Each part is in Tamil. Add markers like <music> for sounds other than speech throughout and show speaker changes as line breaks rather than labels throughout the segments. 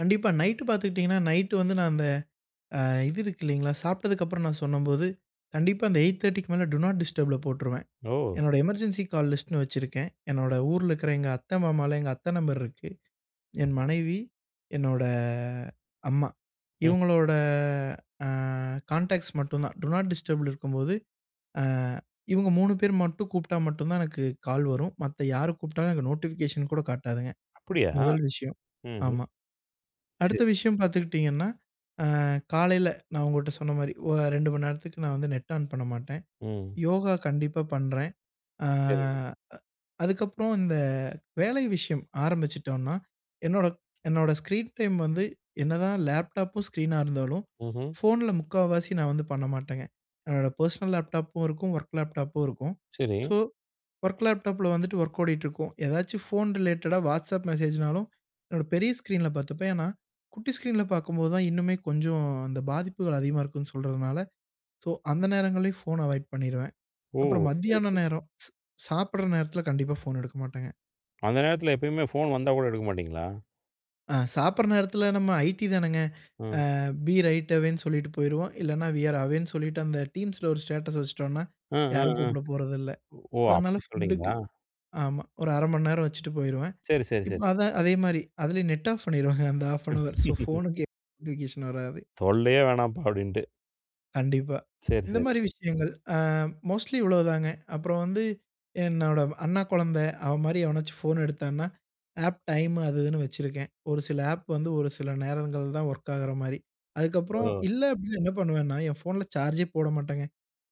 கண்டிப்பா. நைட்டு பார்த்துக்கிட்டீங்கன்னா, நைட் வந்து நான் அந்த அ இது இருக்கு இல்லைங்களா! சாப்பிட்டதுக்கப்புறம், நான் சொன்னம்போது கண்டிப்பா, அந்த 8:30க்கு மேல டூ நாட் டிஸ்டர்ப்ல போட்டுருவேன்.
ஓ!
என்னோட எமர்ஜென்சி கால் லிஸ்ட்டுன்னு வச்சிருக்கேன். என்னோட ஊர்ல இருக்கிற எங்க அத்தை, மாமாலாம் எங்க அத்த நம்பர் இருக்கு. என் மனைவி, என்னோட அம்மா.
ம்.
இவுங்களோட அ கான்டாக்ட்ஸ் மட்டும் தான். டூ நாட் டிஸ்டர்ல இருக்கும்போது, அ இவுங்க 3 பேர் மட்டும், கூப்பிட்டா மட்டும் தான் எனக்கு கால் வரும். மத்த யாரு கூப்பிட்டாலும் எனக்கு நோட்டிஃபிகேஷன் கூட காட்டாதுங்க.
அப்பிடியா?
முதல் விஷயம்,
ம்ஹ்ம்.
ஆமா. அடுத்த
சரி.
விஷயம் பார்த்துக்கிட்டீங்கனா, அ காலையில நான் உங்கட்ட சொன்னமாரி, ஒ 2:00 மணி நேரத்துக்கு நான் வந்து நெட் ஆன் பண்ண மாட்டேன்.
ம்.
யோகா கண்டிப்பா பண்றேன். அ
சரி.
அ அதுக்கப்புறம் இந்த வேலை விஷயம் ஆரம்பிச்சுட்டோன்னா, என்னோட என்னோட ஸ்க்ரீன் டைம் வந்து, என்னதான் லேப்டாப்பும் ஸ்க்ரீனா இருந்தாலும்,
ம்ஹ்ம்.
ஃபோன்ல முக்கால்வாசி நான் வந்து பண்ண மாட்டேங்க. என்னோட பெர்சனல் லேப்டாப்பும் இருக்கும். ஒர்க் லேப்டாப்பும் இருக்கும். ஸோ,
சரி.
வொர்க் லேப்டாபல வந்துவிட்டு ஒர்க் ஓடிட்டிருக்கும். ஏதாச்சு ஃபோன் ரிலேட்டடா WhatsApp மெசேஜ்னாலும், என்னோட பெரிய ஸ்கிரீன்ல பார்த்துப்பேன். ஏன்னா, குட்டி ஸ்கிரீன்ல பார்க்கும்போது தான் இன்னுமே கொஞ்சம் அந்த பாதிப்புகள் அதிகமா இருக்குன்னு சொல்றதனால, சோ, அந்த நேரங்கள்லையும் ஃபோன அவாய்ட் பண்ணிருவேன்.
ஓ!
அப்புறம்
சரி,
மத்தியான
சரி.
நேரம் ச் சாப்பிடுற நேரத்தில கண்டிப்பா ஃபோன எடுக்க மாட்டேங்க.
அந்த நேரத்தில எப்பயுமே ஃபோன் வந்தா கூட எடுக்க மாட்டீங்களா?
அ சாப்பிடுற நேரத்தில, நம்ம ஐடி தானேங்க.
ம்.
அ பி ரைட் அவேன்னு சொல்லிட்டு போயிருவோம். இல்லன்னா, வி ஆர் அவேன்னு சொல்லிட்டு, அந்த டீம்ஸ்ல ஒரு ஸ்டேட்டஸ் வச்சுட்டோன்னா,
அ, அ,
யாரும்
அ.
கூப்பிடப் போறதில்ல.
ஓ!
அதனால
அப்பிடி
ஃபுட்டுக்கு
சொல்றீங்களா?
ஆமா, ஒரு 1/2 மணி நேரம் வச்சுட்டு போயிருவேன்.
சரி, சரி,
இப்போ
சரி.
அதே அதே மாரி அதிலேயும் நெட் ஆஃப் பண்ணிருவேங்க, அந்த ஆஃப் அன் ஹவர். ஸோ,
<laughs>
ஃபோனுக்கு <unintelligible> நோட்டிபிகேஷன் வராது.
"தொல்லயே வேணாம்ப்பா!" அப்பிடின்ட்டு.
கண்டிப்பா.
சரி, சரி.
இந்தமாரி விஷயங்கள். அ மோஸ்ட்லி இவ்ளோதாங்க. அப்புறம் வந்து, என்னோட அண்ணா குழந்தை. அவன்மாரி எவனாச்சும் ஃபோன் எடுத்தான்னா, ஆப் டைம் அது இதுன்னு வச்சிருக்கேன். ஒரு சில ஆப் வந்து ஒரு சில நேரங்கள்தான் ஒர்க் ஆகிற மாரி. அதுக்கப்புறம்,
ஒ!
இல்ல அப்பிடின்னா என்ன பண்ணுவேன்னா, என் ஃபோன்ல சார்ஜே போட மாட்டேங்க.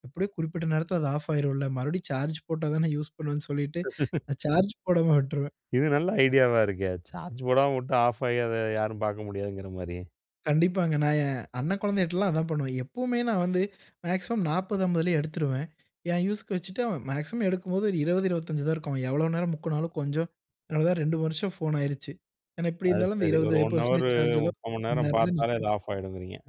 எப்பிடியோ குறிப்பிட்ட நேரத்தில அது ஆஃப் ஆகிரும்ல. மறுபடியும் சார்ஜ் போட்டா தானே யூஸ் பண்ணுவேன்னு சொல்லிட்டு,
<laughs>
நான் சார்ஜ் போடாம விட்டுருவேன்.
இது நல்ல ஐடியாவா இருக்கே! சார்ஜ் போடாம வுட்டு ஆஃப் ஆயி, அத யாரும் பார்க்க முடியாதுங்கிற மாரி.
கண்டிப்பாங்க. நான் என் அண்ணன் குழந்தைகிட்டலாம் அதான் பண்ணுவேன். எப்பவுமே நான் வந்து மேக்ஸிமம் 40, 50 லேயே எடுத்துருவேன். என் யூசுக்கு வச்சுட்டு, அவன் மேக்ஸிமம் எடுக்கும்போது ஒரு 20, 25 தான் இருக்கும். அவன் எவ்வளவு நேரம் முக்குனாலும், கொஞ்சம் அவ்ளதான் 2 வருஷம் ஃபோன் ஆகிருச்சு. ஏன்னா எப்பிடி
அது
இருந்தாலும் அந்த
சரி. ஒரு
20
1:00 ஹவரு,
பர்சென்டேஜ் சார்ஜ்லாம்
3/4 மணி
<unintelligible> மணி
நேரம்
நேரந்தான்
பார்த்தாலே அது
நிக்கும்.
ஆஃப் ஆயிடுங்குறீங்க.